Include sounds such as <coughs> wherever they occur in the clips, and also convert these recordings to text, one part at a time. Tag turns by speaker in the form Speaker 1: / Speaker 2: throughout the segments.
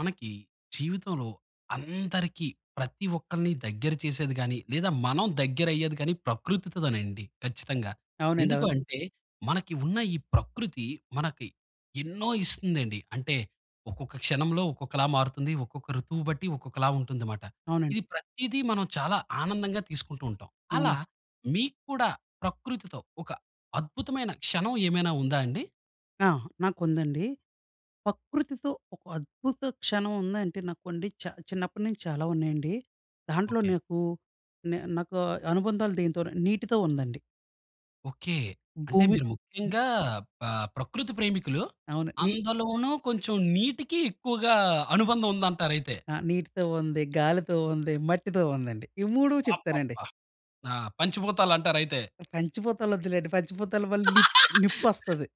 Speaker 1: మనకి జీవితంలో అందరికీ ప్రతి ఒక్కల్ని దగ్గర చేసేది గాని, లేదా మనం దగ్గర అయ్యేది గాని ప్రకృతితోనండి ఖచ్చితంగా.
Speaker 2: అవునండి.
Speaker 1: ఎందుకు
Speaker 2: అవును.
Speaker 1: అంటే, మనకి ఉన్న ఈ ప్రకృతి మనకి ఎన్నో ఇస్తుందండి. అంటే ఒక్కొక్క క్షణంలో ఒక్కొక్కలా మారుతుంది. ఒక్కొక్క ఋతువు బట్టి ఒక్కొక్కలా ఉంటుంది మాట.
Speaker 2: అవునండి.
Speaker 1: ఇది ప్రతీదీ, మనం చాలా ఆనందంగా తీసుకుంటూ ఉంటాం. అలా
Speaker 2: అవునండి.
Speaker 1: మీకు కూడా ప్రకృతితో ఒక అద్భుతమైన క్షణం ఏమైనా ఉందా అండి?
Speaker 2: ఆ! నాకు ఉందండి. ప్రకృతితో ఒక అద్భుత క్షణం ఉందంటే, నాకు అండి చ చిన్నప్పటి నుంచి చాలా ఉన్నాయండి. దాంట్లో
Speaker 1: ఓకె.
Speaker 2: నాకు నే నాకు అనుబంధాలు, దేనితో నీటితో ఉందండి.
Speaker 1: ఓకె. అంటే
Speaker 2: భూమి
Speaker 1: మీరు ముఖ్యంగా ఆహ్, ప్రకృతి ప్రేమికులు.
Speaker 2: అవును. నీ
Speaker 1: అందులోనూ కొంచెం నీటికి ఎక్కువగా అనుబంధం ఉందంటారైతే.
Speaker 2: ఆ! నీటితో ఉంది, గాలితో ఉంది, మట్టితో ఉందండి. ఈ 3 చెప్తానండి.
Speaker 1: అబ్బాబ్బా! ఆ! పంచభూతాలు అంటారైతే.
Speaker 2: పంచభూతాలు వద్దులేండి. పంచభూతల వల్ల నిప్
Speaker 1: <laughs>
Speaker 2: నిప్పొస్తది.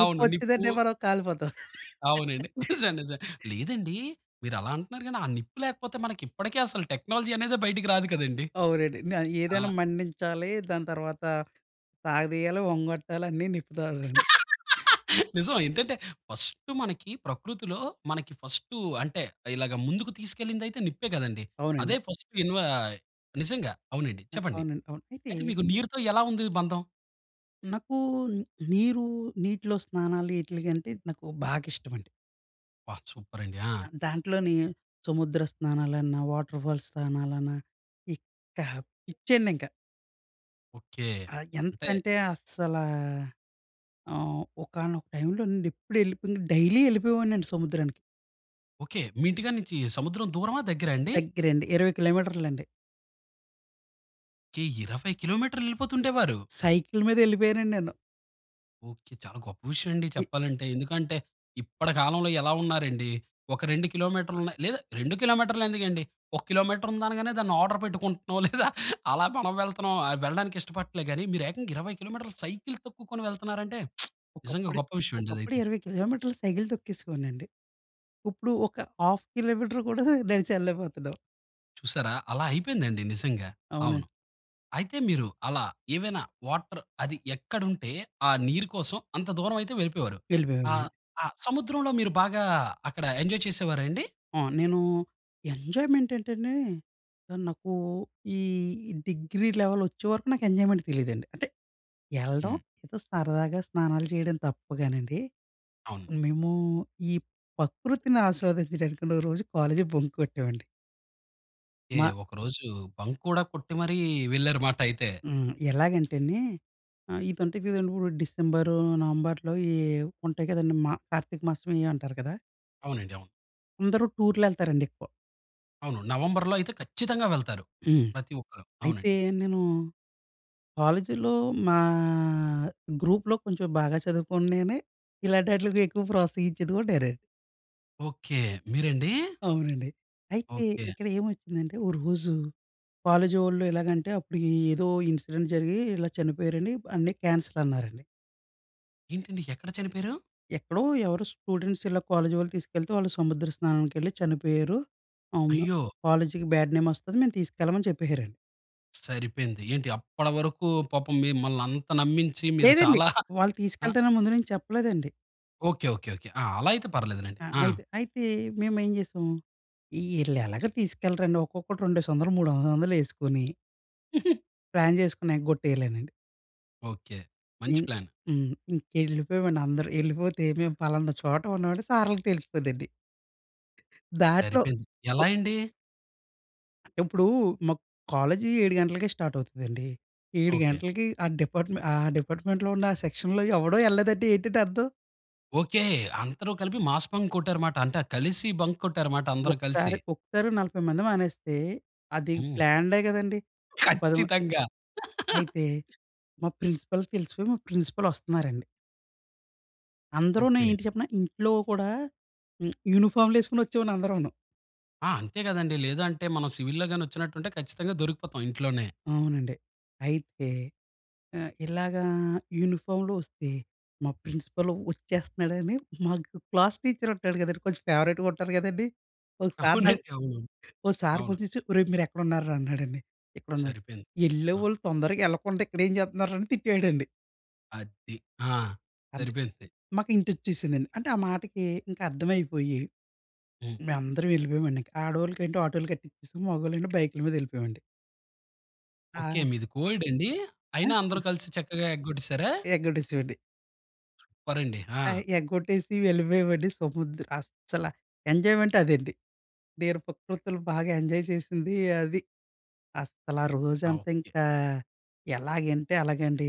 Speaker 1: అవును. నిప్పు
Speaker 2: మనం కాలిపోతాం.
Speaker 1: అవునండి. నిజం. నిజం.
Speaker 2: <laughs>
Speaker 1: లేదండి, మీరు అలా అంటున్నారు గాని ఆ నిప్పు లేకపోతే ఇప్పటికీ అసలు టెక్నాలజీ అనేదే బయటికి రాదు కదండీ.
Speaker 2: అవునండి. న
Speaker 1: ఆ!
Speaker 2: ఏదైనా మండించాలి, దాని తర్వాత సాగదీయాలి, ఒంగొట్టాలి అన్ని నిప్పు ద్వారానే అండి.
Speaker 1: <laughs> నిజం. ఏంటంటే ఫస్టు మనకి ప్రకృతిలో మనకి ఫస్టు అంటే, ఇలాగ ముందుకు తీసుకెళ్ళింది అయితే నిప్పే కదండి.
Speaker 2: అవునండి.
Speaker 1: అదే
Speaker 2: అ
Speaker 1: ఫస్టు ఇన్వ నిజంగా అవునండి.
Speaker 2: అం
Speaker 1: చెప్పండి.
Speaker 2: అవునండి, అవును. అయితే
Speaker 1: అయితే మీకు నీరుతో ఎలా ఉంది బంధం?
Speaker 2: నాకు నీరు నీటిలో స్నానాలు ఇట్లు గంటే నాకు బాగా ఇష్టమండి.
Speaker 1: అబ్బా! సూపర్ అండి. ఆ!
Speaker 2: దా దాంట్లోని సముద్ర స్నానాలన్నా, వాటర్‌ఫాల్స్ స్నానాలన్నా ఇక పిచ్చండి ఇంక.
Speaker 1: ఓకే.
Speaker 2: ఆ
Speaker 1: అంటే
Speaker 2: ఎంతంటే అస్సలా ఆహ్, ఒకానొక టైమ్‌లోనండి, ఎప్పుడు వెళ్ళిపో డైలీ వెళ్ళిపోయేవాడినండి సముద్రానికి.
Speaker 1: ఓకే. మీ ఇంటి కాడనుంచి సముద్రం దూరమా, దగ్గర అండి?
Speaker 2: దగ్గరండి. 20 కిలోమీటర్లండి.
Speaker 1: కె 20 కిలోమీటర్లు వెళ్ళిపోతుండేవారు.
Speaker 2: సైకిల్ మీద వెళ్ళిపోయానండి నేను.
Speaker 1: ఓకే. చాలా గొప్ప విషయమండి
Speaker 2: ఇ
Speaker 1: చెప్పాలంటే. ఎందుకంటే, ఇప్పటి కాలంలో ఎలా ఉన్నారండి. ఒక 2 కి.మీ. లేదా, 2 కి.మీ. ఎందుకండి ఒక కిలోమీటర్ ఉందనగానే దాన్ని ఆర్డర్ పెట్టుకుంటున్నాం లేదా, అలా మనం వెళ్తున్నాం వెళ్ళడానికి ఇష్టపడట్లేదు గానీ, మీరు ఏకంగా 20 కిలోమీటర్ల సైకిల్ తొక్కుకొని వెళ్తున్నారంటే <smacks lips> నిజంగా
Speaker 2: ఒకప్పుడు
Speaker 1: గొప్ప విషయమండి అది
Speaker 2: ఒకప్పుడు
Speaker 1: అయితే.
Speaker 2: 20 కి.మీ. సైకిల్ తొక్కేసేవాడనండి. ఇప్పుడు ఒక ½ కిలోమీటర్ కూడా నడిచి ఎళ్ళలేకపోతున్నాం.
Speaker 1: చూసారా అలా అయిపోయింది అండి నిజంగా.
Speaker 2: అవునండి.
Speaker 1: అవును. అయితే మీరు అలా ఏవైన వాటర్ అది ఎక్కడ ఉంటే ఆ నీరు కోసం అంత దూరం అయితే వెళ్ళిపోయేవారు.
Speaker 2: వెళ్ళిపోయేవాడిని
Speaker 1: ఆ!
Speaker 2: నేను.
Speaker 1: ఆహ్, సముద్రంలో మీరు బాగా అక్కడ ఎంజాయ్ చేసేవార అండి?
Speaker 2: ఆ! నేను ఎంజాయ్‌మెంట్ ఏంటంటే, నాకు ఈ డిగ్రీ లెవెల్ వచ్చేవరకు నాకు ఎంజాయ్‌మెంట్ తెలీదండి. అంటే ఎళ్ళడం,
Speaker 1: హ్మ్.
Speaker 2: ఏదో సరదాగా స్నానాలు చేయడం తప్ప గానండి.
Speaker 1: అవును.
Speaker 2: మేము ఈ ప్రకృతిని ఆస్వాదించడానికి ఒక రోజు కాలేజీ బంక్ కొట్టామండి.
Speaker 1: ఏ
Speaker 2: మా
Speaker 1: ఒకరోజు బంక్ కూడా కొట్టి మరి వెళ్ళారు మాట అయితే.
Speaker 2: హ్మ్. ఎలాగంటే అండి ఆహ్, ఇది ఉంటది కదండీ ఇపుడు డిసెంబర్ నవంబర్‌లో ఈ ఉంటాయి కదండీ. మ కార్తీక మాసమెయో అంటారు కదా!
Speaker 1: అవునండి, అవును.
Speaker 2: అందరూ టూర్‌లు యెళ్తారండి ఎక్కువ.
Speaker 1: అవును. నవంబర్‌లో అయితే ఖచ్చితంగా వెళ్తారు.
Speaker 2: హ్మ్.
Speaker 1: ప్రతి ఒక్కరు. అవునండి.
Speaker 2: అయితే నేను కాలేజీలో మా గ్రూప్‌లో కొంచెం బాగా చదువుకున్నే నేనే. ఇలాంటి ఆట్లికి ఎక్కువ ప్రోత్సహించేది కూడా నేనే.
Speaker 1: ఓకే. మీరండి?
Speaker 2: అవునండి. అయితే
Speaker 1: ఓకే.
Speaker 2: ఇక్కడ ఏమొచ్చిందంటే, ఓ రోజు కాలేజీ వాళ్ళు ఎలాగంటే అప్పుడు ఏదో ఇన్సిడెంట్ జరిగి ఇలా చనిపోయారండి అన్ని క్యాన్సిల్ అన్నారండి.
Speaker 1: ఏంటండి? ఎక్కడ చనిపోయారు?
Speaker 2: ఎక్కడో ఎవరో స్టూడెంట్స్ ఇలా కాలేజీ వాళ్ళు తీసుకెళ్తే వాళ్ళు సముద్ర స్నానానికెళ్ళి చనిపోయారు. అవును.
Speaker 1: అయ్యో!
Speaker 2: కాలేజీకి బ్యాడ్ నేమ్ వస్తది మేము తీసుకెళ్ళమని చెప్పేసారండి.
Speaker 1: సరిపోయింది. ఏంటి అప్పడివరకు పాపం మిమ్మల్ని అంత నమ్మించి మీరు
Speaker 2: లేదండి.
Speaker 1: చాలా <chuckles>
Speaker 2: వాళ్ళు
Speaker 1: అ!
Speaker 2: తీసుకెల్తానని ముందు నుంచి చెప్పలేదండి.
Speaker 1: ఓకె. ఓకె. ఓకె. ఆ! అలా అయితే పర్వాలేదు లెండి.
Speaker 2: ఆ!
Speaker 1: ఆ!
Speaker 2: అయితే అయితే మేమేం జేసాం. ఈళ్ళు ఎలాగో తీసుకెళ్ళరండి ఒక్కొక్కడు రెండేసోందలు మూడు వంద వందలేసుకొని
Speaker 1: <laughs>
Speaker 2: ప్లాన్ చేసుకున్నా ఎగొట్టేయలేనండి.
Speaker 1: ఓకె. మంచి
Speaker 2: హ్మ్,
Speaker 1: ప్లాన్.
Speaker 2: హ్మ్. ఇంకెళ్ళిపోయామండి అందరూ. ఎళ్ళిపోతే మేం పలానా చోట ఉన్నమని సార్‌లుకి తెలిసిపోద్దండి. దాంట్లో
Speaker 1: సరిపోయింది. ఎలా
Speaker 2: ఓ
Speaker 1: అండి?
Speaker 2: అంటే ఇప్పుడూ, మా కాలేజీ 7:00 గంటలకే స్టార్ట్ అవుతదండి. 7:00
Speaker 1: ఓకె.
Speaker 2: గంటలకి, ఆ డిపార్ట్మెంట్ ఆ డిపార్ట్మెంట్‌లో ఉన్న సెక్షన్‌లో ఎవడూ ఎళ్ళలేదంటే ఏంటండి అర్థం?
Speaker 1: ఓకె. అందరు కలిపి మాస్ బంక్ కొట్టారు మాట. అంటే కలిసి బంక్ కొట్టారు మాట అందరు కలిసి.
Speaker 2: ఒకసారి ఒక్కసారి 40 మంది మానేస్తే, అది
Speaker 1: హ్మ్.
Speaker 2: ప్లాన్డే కదండీ! పది మంద్
Speaker 1: ఖచ్చితంగా.
Speaker 2: అయితే మా ప్రిన్సిపల్‌కి తెలిసిపోయి, మా ప్రిన్సిపల్ వస్తున్నారండి. అందరునే
Speaker 1: ఓకె.
Speaker 2: ఏంటి చెప్పనా! ఇంట్లో కూడా యూనిఫార్మ్‌లేసుకొని వచ్చేమండి అందరంను.
Speaker 1: ఆ! అంతే కదండి. లేదంటే మనం సివిల్‌లో గాని వచ్చినట్టుంటే ఖచ్చితంగా దొరికిపోతాం ఇంట్లోనే.
Speaker 2: అవునండి. అయితే ఆహ్, ఇలాగా యూనిఫామ్‌లో వస్తే, మా ప్రిన్సిపల్ వచ్చేస్తన్నాడని, మాకు క్లాసు టీచరు ఉంటాడు కదండీ! కొంచెం ఫేవరెట్‌గా ఉంటారు కదండీ! ఒకసార్ నాకు
Speaker 1: అవునండి. అవును.
Speaker 2: ఒక సార్
Speaker 1: అవును.
Speaker 2: ఫోన్ చెసి "ఒరేయ్! మీరు ఎక్కడున్నారురా?" అన్నాడండి. "ఎక్కడున్నారు?
Speaker 1: సరిపోయింది. అ!
Speaker 2: ఎళ్ళేవాళ్ళు తొందరగెళ్ళకుండా ఇక్కడేం చేస్తున్నారా?" అని తిట్టాడండి.
Speaker 1: అది. ఆ!
Speaker 2: అంతే.
Speaker 1: సరిపోయింది.
Speaker 2: మాకు హింటొచ్చేసిందండి. అంటే ఆ మాటకి ఇంకా, అర్థమైపోయి
Speaker 1: హ్మ్.
Speaker 2: మేం అందరం వెళ్ళిపోయామండి. ఆడొళ్ళకంటే ఆటోలు కట్టించేసి, మొగోళ్లండి బైకుల మీద వెళ్ళిపోయామండి.
Speaker 1: ఓకె.
Speaker 2: ఆయ్!
Speaker 1: మీది కో-ఎడ్ అండి? అయినా
Speaker 2: ఆ!
Speaker 1: అందరు కలిసి చక్కగా ఎగ్గొట్టేసారా?
Speaker 2: ఎగ్గొట్టేసేమండి.
Speaker 1: సూపరండి.
Speaker 2: ఆహ్,
Speaker 1: ఆ!
Speaker 2: ఎగ్గొట్టేసి వెళ్ళిపోయేవండి. సముద్ర అస్సల ఎంజాయ్మెంట్ అదండి. నేను ప్రకృతులు బాగా ఎంజాయ్ చేసింది అది. అస్సలా
Speaker 1: ఆ!
Speaker 2: రోజంతా
Speaker 1: ఓకె.
Speaker 2: ఇంక, ఎలాగంటే అలాగండి.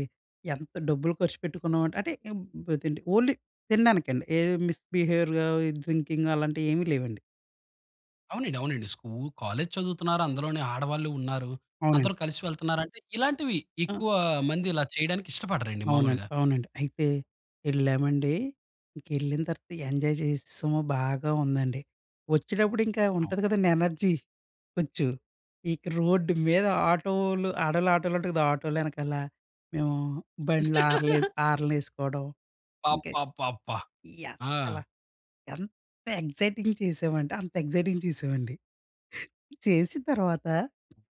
Speaker 2: ఎంత డబ్బులు ఖర్చుపెట్టుకున్నాం అంటే, <unintelligible> అంటే ఓన్లీ తినడానికండి. ఏ మిస్ బిహేవియర్‌గా ఈ డ్రింకింగ్ అలాంటివి ఏమీ లేవండి.
Speaker 1: అవునండి. అవునండి. స్కూ కాలేజ్ చదువుతున్నారు. అందులోనే ఆడవాళ్లు ఉన్నారు. అందరూ
Speaker 2: అవునండి.
Speaker 1: కలిసి వెళ్తున్నారు అంటే ఇలాంటివి,
Speaker 2: అ!
Speaker 1: ఎక్కువ మంది ఇలా చేయడానికి ఇష్టపడరండి
Speaker 2: అవునండి.
Speaker 1: మాములుగా.
Speaker 2: అవునండి. అయితే వెళ్ళామండి. ఇంక వెళ్ళిన తర్వాత ఎంజాయ్ చేసేసాము, బాగా ఉందండి. వచ్చేటప్పుడు ఇంకా
Speaker 1: అవును.
Speaker 2: ఉంటది కదండీ, ఎనర్జీ కొంచెం, ఇక రోడ్డు మీద ఆటోలు, ఆడోల్ల ఆటోలు ఉంటాయి గదా! ఆటోలు ఎనకాల, మేము బండ్లు ఆరన్లే
Speaker 1: <laughs>
Speaker 2: ఆరన్లేసుకోవడం ఇంకా,
Speaker 1: అబ్బబ్బబ్బా!
Speaker 2: ఈ
Speaker 1: ఆ!
Speaker 2: అసల ఎంత ఎక్సైటింగ్ చేశామంటే అంత ఎక్సైటింగ్ చేశామండి. చేసిన తర్వాత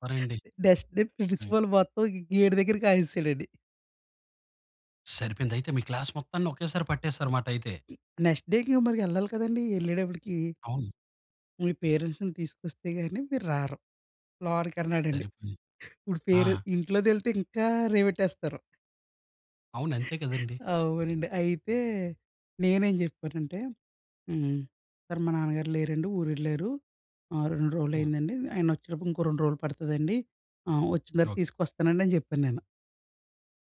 Speaker 1: పరండి
Speaker 2: నెక్స్ట్‌డే,
Speaker 1: హ్మ్.
Speaker 2: ప్రిన్సిపాల్ మొత్తం గేటు దగ్గర కాయిసాడండి.
Speaker 1: సరిపోయింది. అయితే మీ క్లాస్ మొత్తాన్ని ఒకేసారి పట్టేసారమాట అయితే.
Speaker 2: నెక్స్ట్ డేకి ఇంక మరి ఎళ్ళాలి కదండీ. ఎళ్ళేటప్పటికి
Speaker 1: అవును.
Speaker 2: మీ పేరెంట్స్‌ని తీసుకొస్తే గాని మీరు రారు. లోని కన్నాడండి.
Speaker 1: సరిపోయింది.
Speaker 2: ఇప్పుడు
Speaker 1: ఆ!
Speaker 2: పేరె ఇంట్లో తెలిస్తే ఇంకా రేవెట్టేస్తారు.
Speaker 1: అవును. అంతే కదండీ.
Speaker 2: అవునండి. అయితే నేనేం చెప్పానంటే హ్మ్, సార్ మా నాన్నగారు లేరండి, ఊరెళ్లారు. ఆహ్, 2 రోజులు
Speaker 1: హ్మ్.
Speaker 2: అయిందండి. ఆయన వచ్చేటప్పుడు ఇంకో 2 రోజులు పడుతదండి. ఆహ్, వచ్చిన తర్వాత
Speaker 1: ఓకె.
Speaker 2: తీసుకొస్తానండి అని చెప్పాను నేను.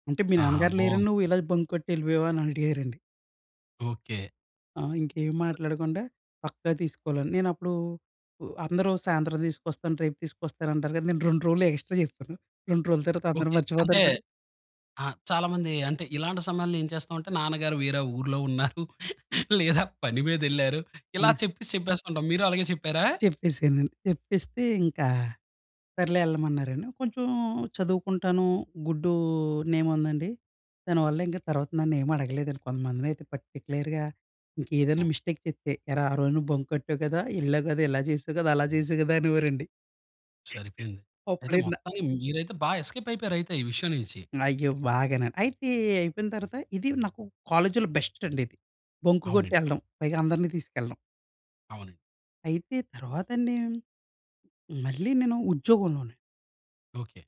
Speaker 2: అంటే మీ
Speaker 1: ఆహా!
Speaker 2: నాన్నగారు లేరని
Speaker 1: బావుంది.
Speaker 2: నువ్వు ఇలా బంక్ కొట్టి ఎళ్ళిపోయావా? అని అడిగారండి.
Speaker 1: ఓకే.
Speaker 2: ఆ! ఇంకేం మాట్లాడకుండా పక్కా తీసుకోవాలి. <unintelligible> నేను అప్పుడూ, అందరూ సాయంత్రం తీసుకొస్తాను రేపు తీసుకొస్తాను అంటారు కదా. నేను 2 రోజులు ఎగస్ట్రా చెప్పాను. 2 రోజులు తర్వాత అందరు
Speaker 1: ఓకె. అంటే
Speaker 2: మర్చిపోతారు కదా.
Speaker 1: ఆ! చాలా మంది అంటే ఇలాంటి సమయంలో ఏం చేస్తాం అంటే నాన్నగారు వేరే ఊర్లో ఉన్నారు, లేదా పని మీదెళ్లారు, ఇలా
Speaker 2: ఆ!
Speaker 1: చెప్పేసి చెప్పేస్తుంటాం. మీరు అలాగే చెప్పారా?
Speaker 2: చెప్పేసానండి. చెప్పేస్తే ఇంకా సర్లే ఎళ్ళమన్నారండి. కొంచెం చదువుకుంటాను గుడ్డు నేమ్ ఉందండి. దానివల్ల ఇంక తర్వాత నన్ను ఏం అడగలేదండి. కొంతమందిని అయితే పర్టిక్యులర్‌గా ఇంకే ఏదైనా మిస్టేక్ చెస్తే, ఏరా ఆ రోజు నువ్వు బంక్ కొట్టావు కదా. ఎళ్ళావు గదా, ఇలా జేసావు గదా, అలా జేసావు గదా అనేవారండి.
Speaker 1: సరిపోయింది. అయితే
Speaker 2: అప్పుడేన
Speaker 1: మొత్తానికి మీరైతే బా ఎస్కేప్ అయిపోయారు, అయితే ఈ విషయం నుంచి.
Speaker 2: అయ్యో! బాగానా. అయితే అయిపోయిన తర్వాత ఇది నాకు కాలేజీలో బెస్ట్ అండి ఇది. బంకు కొట్టి
Speaker 1: అవునండి.
Speaker 2: ఎళ్ళడం, పైగా అందరిని తీసుకెళ్ళడం.
Speaker 1: అవునండి.
Speaker 2: అయితే తర్వాతండి? మళ్ళీ నేను ఉద్యోగంలోనే
Speaker 1: ఓకె.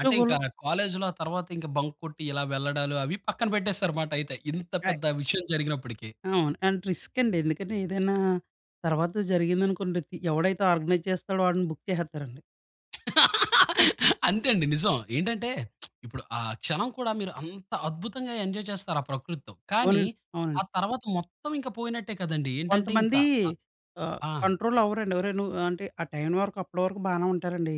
Speaker 1: అంటే ఇంకా కాలేజ్‌లో ఆ! తర్వాత ఇంక బంక్ కొట్టి ఇలా వెళ్ళడాలు అవి పక్కన పెట్టేసారు అన్నమాట ఐతె, ఇంత
Speaker 2: ఆయ్
Speaker 1: పెద్ద విషయం జరిగినప్పటికీ.
Speaker 2: అవును. అంటె రిస్క్ అండి. ఎందుకంటే ఏదైనా తర్వాత జరిగిందనుకోండి, తి ఎవడైతే ఆర్గనైజ్ చేస్తాడో వాడిని బుక్ చేసేతారండి.
Speaker 1: <laughs> అంతే అండి నిజం. ఏంటంటే <smacks lips> ఇప్పుడు ఆ! క్షణం కూడా మీరు అంత అద్భుతంగా ఎంజాయ్ చేస్తారు ఆ ప్రకృతితో. కానీ
Speaker 2: అవునండి.
Speaker 1: ఆ
Speaker 2: అవునండి.
Speaker 1: తర్వాత మొత్తం ఇంక పోయినట్టే కదండి? ఏంటంటే ఇంకా
Speaker 2: కొంతమంది
Speaker 1: అ
Speaker 2: ఆహ్,
Speaker 1: ఆ!
Speaker 2: కంట్రోల్ అవ్వరండి ఒరేయ్! నువ్ అంటే ఆ టయనివరకు అప్పటి వరకు బానే ఉంటారండి.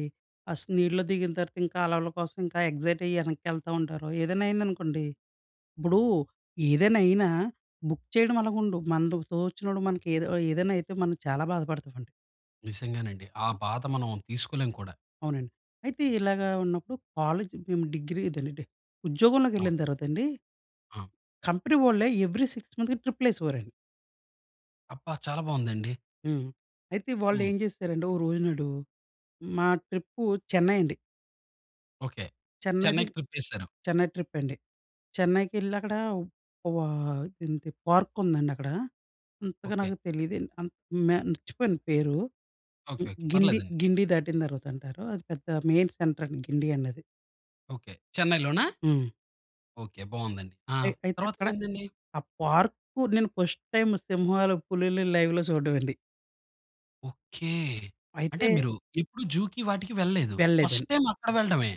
Speaker 2: ఆస్ నీళ్ళలో దిగిన తర్వాత ఇంకా అలల కోసం ఇంకా ఎక్సైట్ అయ్యి ఎనక్కేళ్తా ఉంటారు. ఏదైనా అయిందనుకోండి ఇప్పుడు ఏదైనా అయినా బుక్ చేయడం అలాగా ఉండు మన తోచినప్పుడు మనకి ఏదో ఏదైనా అయితే మనం చాలా బాధపడతామండి.
Speaker 1: నిజంగనండి. ఆ! బాధ మనం తీసుకోలేం కూడా.
Speaker 2: అవునండి. అయితే ఇలాగా ఉన్నప్పుడు కాలేజ్ మేము డిగ్రీ ఇదేలేండి ఉద్యోగంలోకి
Speaker 1: అవును.
Speaker 2: ఎళ్ళిన తర్వాత అండి...
Speaker 1: ఆ!
Speaker 2: కంపెనీ వాళ్ళే ఎవరీ 6 మంత్స్‌కి ట్రిప్పులేసేవారండి.
Speaker 1: అబ్బా! చాలా బావుందండి.
Speaker 2: హ్మ్. అయితే వాళ్ళు
Speaker 1: హ్మ్.
Speaker 2: ఏం చేశారంటే ఒక రోజు నాడు. మా ట్రిప్పు చెన్నై అండి.
Speaker 1: ఓకె.
Speaker 2: చెన్నైది
Speaker 1: చెన్నైకి ట్రిప్ ఏసేసారు.
Speaker 2: చెన్నై ట్రిప్ అండి. చెన్నై‌కెళ్ళి అక్కడ వా ఆహ్, ఏంటి పార్క్ ఉందండి అక్కడ. అంతగా
Speaker 1: ఓకె.
Speaker 2: నాకు తెలీదండి. అంత్ మే మర్చిపోయిన పేరు.
Speaker 1: ఓకె. ఓకె.
Speaker 2: గిండి
Speaker 1: పర్లేదండి.
Speaker 2: గిండి దాటిన తర్వాత అంటారు. అది పెద్ద మెయిన్ సెంటర్ అండి, గిండి అన్నది.
Speaker 1: ఓకె. చెన్నై‌లోనా?
Speaker 2: హ్మ్.
Speaker 1: ఓకె. బాగుందండి. ఆ!
Speaker 2: అయి అయితే
Speaker 1: తర్వాత
Speaker 2: అక్కడ,
Speaker 1: ఏందండి?
Speaker 2: ఆ పార్కు నేను ఫస్ట్ టైం సింహాలు, పులుల్ని లైవ్‌లో చూడడం అండి.
Speaker 1: ఓకె! అంటే
Speaker 2: అయితే
Speaker 1: మీరు ఎప్పుడు జూకి వాటికి వెళ్ళలేదు. ఫస్ట్
Speaker 2: వెళ్ళలేదండి.
Speaker 1: టైం అక్కడ వెళ్ళడమే.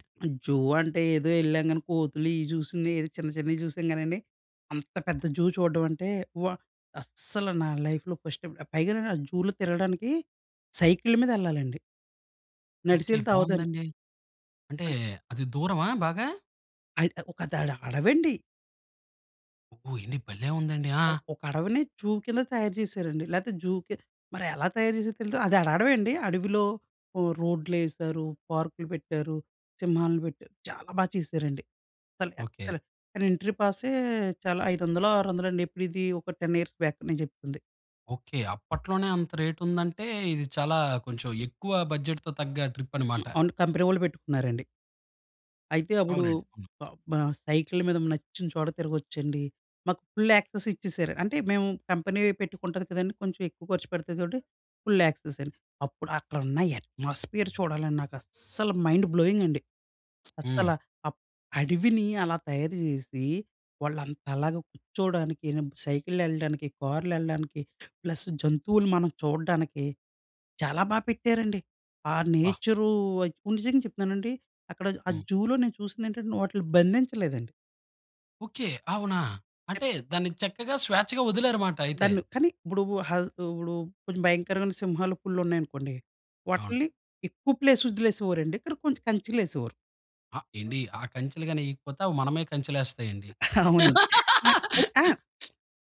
Speaker 2: జూ అంటే ఏదో ఎల్లంగాని కోతులు, ఇవి చూసింది. ఏదో చిన్న, చిన్నవి చూసాం గానండి. అంత పెద్ద జూ చూడ్డం అంటే వ అస్సలు నా లైఫ్‌లో ఫస్ట్ టైం, పైగా నేను జూలో తిరగడానికి సైకిల్ మీద వెళ్ళాలండి.
Speaker 1: ఓకె.
Speaker 2: నడిచెల్తే అవ్వదండీ.
Speaker 1: బాగుందండి. అంటే అది దూరమా బాగా?
Speaker 2: అద్ దడ అడవండి.
Speaker 1: ఓహ్! ఎండి భలే! ఉందండి. ఆ!
Speaker 2: ఒక అడవిని జూ కింద తయారు చేశారండి. లేతే జూకి మరి ఎలా తయారు చేసారో తెలీదు. అది అడ అడవండి. అడవిలో ఓహ్! రోడ్లేశారు, పార్కులు పెట్టారు, సింహాన్ని పెట్టారు. చాలా బాగా చేశారండి. అసలు
Speaker 1: ఓకె.
Speaker 2: ఎక్స్‌లెంట్. కానీ ఎంట్రీ పాసే చాలా ఐదొందలో, ఆరొందలో అండి. ఎప్పుడు ఇది ఒక 10 ఇయర్స్ బ్యాక్ నేను చెప్తుంది.
Speaker 1: ఓకె. అప్పట్లోనే అంత రేట్ ఉందంటే ఇది చాలా కొంచెం ఎక్కువ బడ్జెట్‌తో తగ్గ ట్రిప్ అనమాట.
Speaker 2: అవును. కంపెనీ వాళ్ళు పెట్టుకున్నారండి. అయితే అప్పుడు
Speaker 1: అవునండి. హ్మ్.
Speaker 2: బ బ సైకిల్ మీద నచ్చిన చోట తిరగొచ్చండి. మాకు ఫుల్ యాక్సెస్ ఇచ్చేసారు. అంటే మేము కంపెనీ పెట్టుకుంటది కదండీ కొంచెం ఎక్కువ ఖర్చు పెడుతది కాబట్టి ఫుల్ యాక్సెస్ అండి. అప్పుడు అక్కడ ఉన్న అట్మాస్ఫియర్ చూడాలని నాకస్సల మైండ్ బ్లోయింగ్ అండి. అస్సల
Speaker 1: హ్మ్.
Speaker 2: ఆ అడవిని అలా తయారు చేసి వాళ్ళు అంత లాగా కూర్చోడానికి, సైకిల్లెల్లడానికి, కార్లెల్లడానికి, ప్లస్ జంతువులు మనం చూడ్డానికి చాలా బాగా పెట్టారండి. ఆ
Speaker 1: బ్బా!
Speaker 2: నేచరు నిజంగా చెప్తున్నానండి అక్కడ ఆ
Speaker 1: హ్మ్.
Speaker 2: జూలో నేను చూసింది ఏంటంటే వాటిల్ని బంధించలేదండి.
Speaker 1: ఓకె. అవునా! అంటే దానికి చక్కగా స్వేచ్ఛగా వదిలారనమాట అయితే.
Speaker 2: దాన్ని కానీ ఇప్పుడు హ ఇప్పుడు కొంచెం భయంకరమైన సింహాలు పులులు ఉన్నాయనుకోండి,
Speaker 1: అవును.
Speaker 2: వాటిల్ని ఎక్కువ ప్లేస్ వదిలేసేవారండి. కానీ ఇక్కడ కొంచెం కంచెలు ఏసేవారు.
Speaker 1: ఆ! ఏండి ఆ కంచెలు గాని ఎయ్యకపోతే అవి మనమే కంచెలెస్తాయండి.
Speaker 2: అవునండి. నాకు అయితే ఆ! <smacks lips>
Speaker 1: <laughs>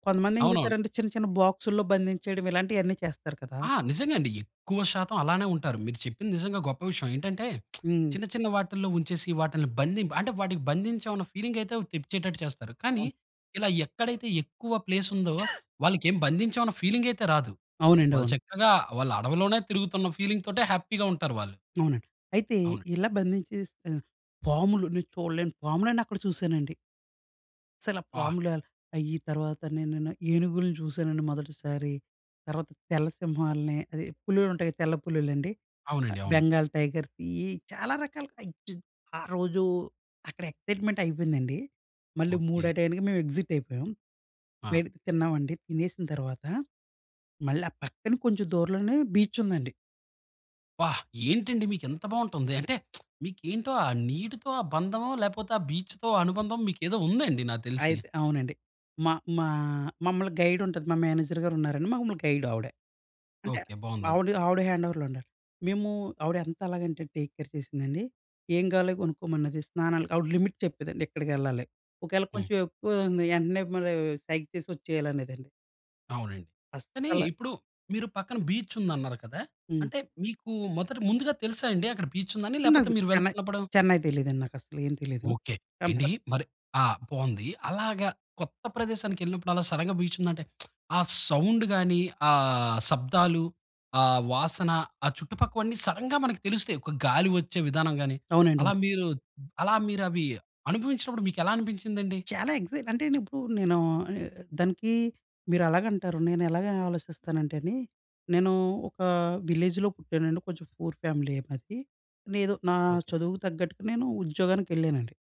Speaker 2: కొంతమంది ఏం
Speaker 1: అవునవును.
Speaker 2: చేస్తారంటే చిన్న చిన్న బాక్సుల్లో బంధించేయడం ఇలాంటియన్నీ చేస్తారు కదా!
Speaker 1: ఆ! నిజంగా అండి. ఎక్కువ శాతం అలానే ఉంటారు. మీరు చెప్పింది నిజంగా గొప్ప విషయం. ఏంటంటే <smacks lips>
Speaker 2: హ్మ్.
Speaker 1: చిన్న చిన్న వాటిల్లో ఉంచేసి వాటిల్ని బంధిం అంటే వాటికి బంధించామన్న ఫీలింగ్ అయితే తెప్పించేటట్టు చేస్తారు. కానీ
Speaker 2: అవును.
Speaker 1: ఇలా ఎక్కడైతే ఎక్కువ ప్లేస్ ఉందో
Speaker 2: <coughs>
Speaker 1: వాళ్లకి ఏ బంధించామన్న ఫీలింగ్ అయితే రాదు.
Speaker 2: అవునండి.
Speaker 1: వాళ్ళు
Speaker 2: అవును.
Speaker 1: చక్కగా వాళ్ళ అడవిలోనే తిరుగుతున్న ఫీలింగ్ తోటే హ్యాపీగా ఉంటారు వాళ్ళు.
Speaker 2: అవునండి. అయితే
Speaker 1: అవునండి.
Speaker 2: ఇలా బంధించేసి పాములు నేను చూడలేని పాములన్ని అక్కడ చూశానండి. అసల ఆ
Speaker 1: బ్బా!
Speaker 2: పాముల అయ్యి తర్వాత నే-నే నేన ఏనుగుల్ని చూసానండి మొదటిసారి. తర్వాత తెల్ల సింహాల్ని, అదే పులులు ఉంటాయి తెల్ల పులులండి.
Speaker 1: అవునండి. అవును.
Speaker 2: బెంగాల్ టైగర్స్ ఇయ్యి చాలా రకాలు ఆరోజు అక్కడ ఎక్సైట్మెంట్ అయిపోయిందండి. మళ్ళీ
Speaker 1: ఓకె.
Speaker 2: మూడాటాయానికి మేము ఎగ్జిట్ అయిపోయాం.
Speaker 1: ఆ!
Speaker 2: <unintelligible> తిన్నామండి తినేసిన తర్వాత, మళ్ళీ ఆ పక్కన కొంచెం దూరంలోనే బీచ్ ఉందండి.
Speaker 1: బ్బా! ఏంటండి మీకు ఇంత బాగుంటుంది. <smacks lips> అంటే, మీకు ఏంటో ఆ నీటితో బంధమో, లేకపోతే ఆ బీచ్‌తో అనుబంధం, మీకు ఏదో ఉంది అండి? నాకు తెలిసి.
Speaker 2: అయితే అవునండి. మా మా మమ్మల్ని గైడ్ ఉంటది, మా మేనేజర్ గారు ఉన్నారండి మమ్మల్ని గైడ్ ఆవిడ. అంటే,
Speaker 1: ఓకె. బాగుందండి.
Speaker 2: ఆవిడ ఆవిడ హ్యాండోవర్‌లో ఉండాలి. మేము, ఆవిడ ఎంతలాగంటే టేక్ కేర్ చేసిందండి. ఏం కావాలో కొనుక్కోమన్నది, స్నానాలు ఆవిడ లిమిట్ చెప్పేదండి, ఇక్కడికి వెళ్ళాలి. ఒకవేళ
Speaker 1: హ్మ్.
Speaker 2: కొంచెం ఎక్కువ అవుతుంది, యంటనే మళ్ళీ సైగా చేసి ఒచ్చేయాలి అనేదండి.
Speaker 1: అవునండి. కానీ
Speaker 2: అస్సల
Speaker 1: ఇప్పుడు, మీరు పక్కన బీచ్ ఉంది అన్నారు కదా!
Speaker 2: హ్మ్.
Speaker 1: అంటే మీకు మొదట ముందుగా తెలుసాండి? అక్కడ బీచ్ ఉందని, లేకపోతే
Speaker 2: నాకు
Speaker 1: మీరు
Speaker 2: చెన్నై
Speaker 1: వెళ్తున్నప్పుడ
Speaker 2: చెన్నై తెలీదండి, నాకు అసలు. ఏం తెలీదు.
Speaker 1: ఓకె. ఏండి
Speaker 2: టంపట్
Speaker 1: మరి ఆ! బాగుంది. అలాగా కొత్త ప్రదేశానికి వెళ్ళినప్పుడు, అలా సడెన్‌గా బీచ్ ఉంది అంటే, <smacks lips> ఆ సౌండ్ గాని, ఆ శబ్దాలు, ఆ వాసన, ఆ చుట్టుపక్కవన్ని సడెన్‌గా మనకు తెలుస్తాయి. ఒక గాలి వచ్చే విధానం గాని,
Speaker 2: అవునండి.
Speaker 1: అలా
Speaker 2: అవును.
Speaker 1: మీరు అలా మీరు అవి అనుభవించినప్పుడు మీకు ఎలా అనిపించింది అండి?
Speaker 2: చాలా ఎక్సైట్ అంటే, ఇప్పుడు నేను ఆహ్, దానికి మీరు అలాగ అంటారు, నేను ఎలాగ ఆలోచిస్తానంటే అండి. నేను ఒక విలేజ్‍లో పుట్టానండి. కొంచెం పూర్ ఫ్యామిలీయే మాది. ఏదో నేను, నా
Speaker 1: ఓకె.
Speaker 2: చదువుకు తగ్గట్టుగా నేను ఉద్యోగానికి వెళ్ళానండి.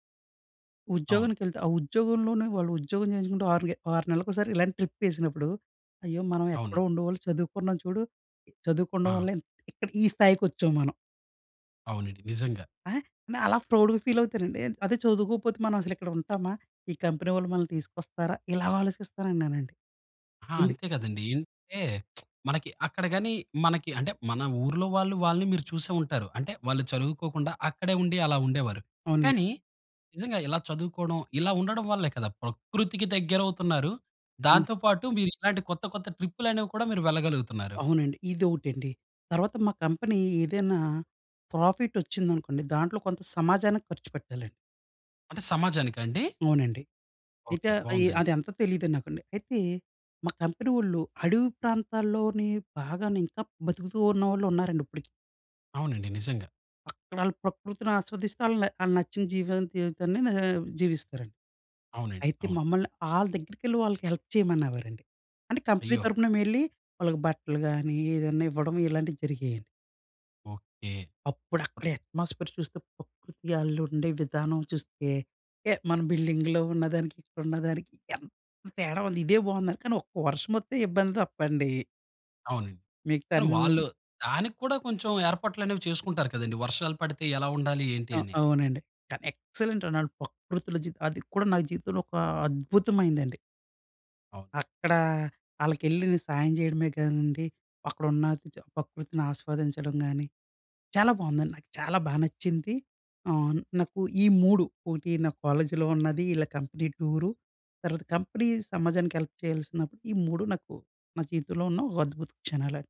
Speaker 1: అవును.
Speaker 2: ఉద్యోగానికి వెళ్తే, ఆ ఉద్యోగంలోనే వాళ్ళు, ఉద్యోగం చేయించుకుంటూ ఆరు గే ఆరు నెలలకు ఒకసారి ఇలాంటి ట్రిప్ వేసినప్పుడు, అయ్యో! మనం ఎక్కడో
Speaker 1: అవునండి.
Speaker 2: ఉండేవాళ్ళం, చదువుకున్నాం చూడు, చదువుకోవడం
Speaker 1: ఆ!
Speaker 2: వల్లే ఇంత్ ఇక్కడ ఈ స్థాయికి వచ్చాం మనం.
Speaker 1: అవునండి. నిజంగా.
Speaker 2: ఆ! నేను అలా ప్రౌడ్‍గా ఫీల్ అవుతానండి. అదే చదువుకోకపోతే మనం అసలు ఇక్కడ ఉంటామా? ఈ కంపెనీ వాళ్ళు మనల్ని తీసుకొస్తారా? ఇలాగ ఆలోచిస్తానండి నేనండి.ఇంద్
Speaker 1: ఆ! అంతే కదండీ! ఎందుకంటే <smacks lips> మనకి అక్కడ గాని, మనకి అంటే మన ఊర్లో వాళ్ళు వాళ్ళని మీరు చూసే ఉంటారు, అంటే వాళ్ళు చదువుకోకుండా అక్కడే ఉండి అలా ఉండేవారు.
Speaker 2: అవునండి.
Speaker 1: కానీ నిజంగా ఇలా చదువుకోవడం ఇలా ఉండడం వల్లే కదా, ప్రకృతికి దగ్గరవుతున్నారు,
Speaker 2: హ్మ్.
Speaker 1: దాంతో పాటు మీరు ఇలాంటి కొత్త, కొత్త ట్రిప్పులు అనేవి కూడా మీరు వెళ్లగలుగుతున్నారు.
Speaker 2: అవునండి, ఇదొకటండి. తర్వాత మా కంపెనీ ఏదైనా ప్రాఫిట్ వచ్చిందనుకోండి దాంట్లో కొంత సమాజానికి ఖర్చుపెట్టాలండి.
Speaker 1: అంటే సమాజానికా అండి?
Speaker 2: అవునండి. అయితే
Speaker 1: ఓకే. బాగుందండి.
Speaker 2: అది అంతా తెలీదు నాకండి. అయితే మా కంపెనీ వాళ్ళు అడవి ప్రాంతాల్లోనే బాగానే ఇంకా బ్రతుకుతూ ఉన్నవాళ్ళు ఉన్నారండి ఇప్పటికి.
Speaker 1: అవునండి. నిజంగా.
Speaker 2: అక్కడ ఆళ్ళు ప్రకృతిని ఆస్వాదిస్తూ ఆళ్ళు ఆళ్ళు నచ్చిన జీవితాన్ని జీవించ జీవిస్తారండి.
Speaker 1: అవునండి.
Speaker 2: అయితే
Speaker 1: అవును.
Speaker 2: మమ్మల్ని ఆళ్ళ దగ్గరికెళ్ళి ఆళ్ళకి హెల్ప్ చేయమనేవారండి. అంటే కంపెనీ
Speaker 1: అయ్యో!
Speaker 2: తరుపున మేం వెళ్ళి వాళ్ళకి బట్టలు కాని ఏదైనా ఇవ్వడం ఇలాంటివి జరిగాయండి.
Speaker 1: ఓకే.
Speaker 2: అప్పుడు అక్కడ అట్మాస్ఫియర్ చూస్తే ప్రకృతి ఆళ్ళు ఉండే విధానం చూస్తే మన బిల్డింగ్‌లో ఉన్నదానికి అక్కడ ఉన్నదానికి ఎంత తేడా ఉంది. ఇదే బాగుందండి కానీ ఒక్క వర్షం మొత్తం ఇబ్బంది తప్ప అండి...
Speaker 1: అవునండి.
Speaker 2: మిగతా
Speaker 1: కానీ వాళ్ళు
Speaker 2: అన్ని
Speaker 1: దానికి కూడా కొంచెం ఏర్పాట్లు అనేవి చేసుకుంటారు కదండీ! వర్షాలు పడితే ఎలా ఉండాలి? ఏంటి? అని.
Speaker 2: అవునండి. కానీ ఎక్సలెంట్ అండి. ఆళ్ళు ప్రకృతిలో జీవితం అది కూడా నా జీవితంలో ఒక అద్భుతమైనదండి.
Speaker 1: ఓహ్!
Speaker 2: అక్కడ ఆళ్ళకి ఎళ్ళి నేను సాయం చేయడమే కాదండి, అక్కడ ఉన్న ప్రకృతిని ఆస్వాదించడం గానీ, చాలా బాగుందండి. నాకు చాలా బాగా నచ్చింది. ఆహ్, నాకు ఈ 3 ఒకటి నా కాలేజీలో ఉన్నది, వీళ్ళ కంపెనీ టూరు, తర్వాత కంపెనీ సమాజానికి హెల్ప్ చేయాల్సినప్పుడు ఈ మూడు నాకు నా జీవితంలో ఉన్న ఒక అద్భుత క్షణాలండి.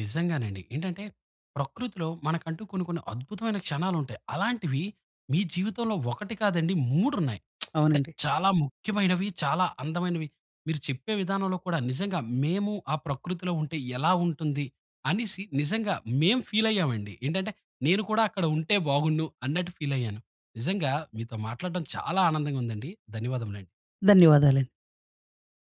Speaker 1: నిజంగానండి. ఏంటంటే ప్రకృతిలో మనకంటూ కొన్ని కొన్ని అద్భుతమైన క్షణాలు ఉంటాయి. అలాంటివి మీ జీవితంలో 1 కాదండి 3 ఉన్నాయి. <smacks lips> అంటే
Speaker 2: అవునండి.
Speaker 1: చాలా ముఖ్యమైనవి. చాలా అందమైనవి. మీరు చెప్పే విధానంలో కూడా నిజంగా మేము ఆ ప్రకృతిలో ఉంటే ఎలా ఉంటుంది? అనేసి నిజంగా మేము ఫీల్ అయ్యామండి. ఏంటంటే నేను కూడా అక్కడ ఉంటే బాగుండు అన్నట్టు ఫీల్ అయ్యాను. నిజంగా మీతో మాట్లాడడం చాలా ఆనందంగా ఉందండి. ధన్యవాదములండి.
Speaker 2: ధన్యవాదాలండి.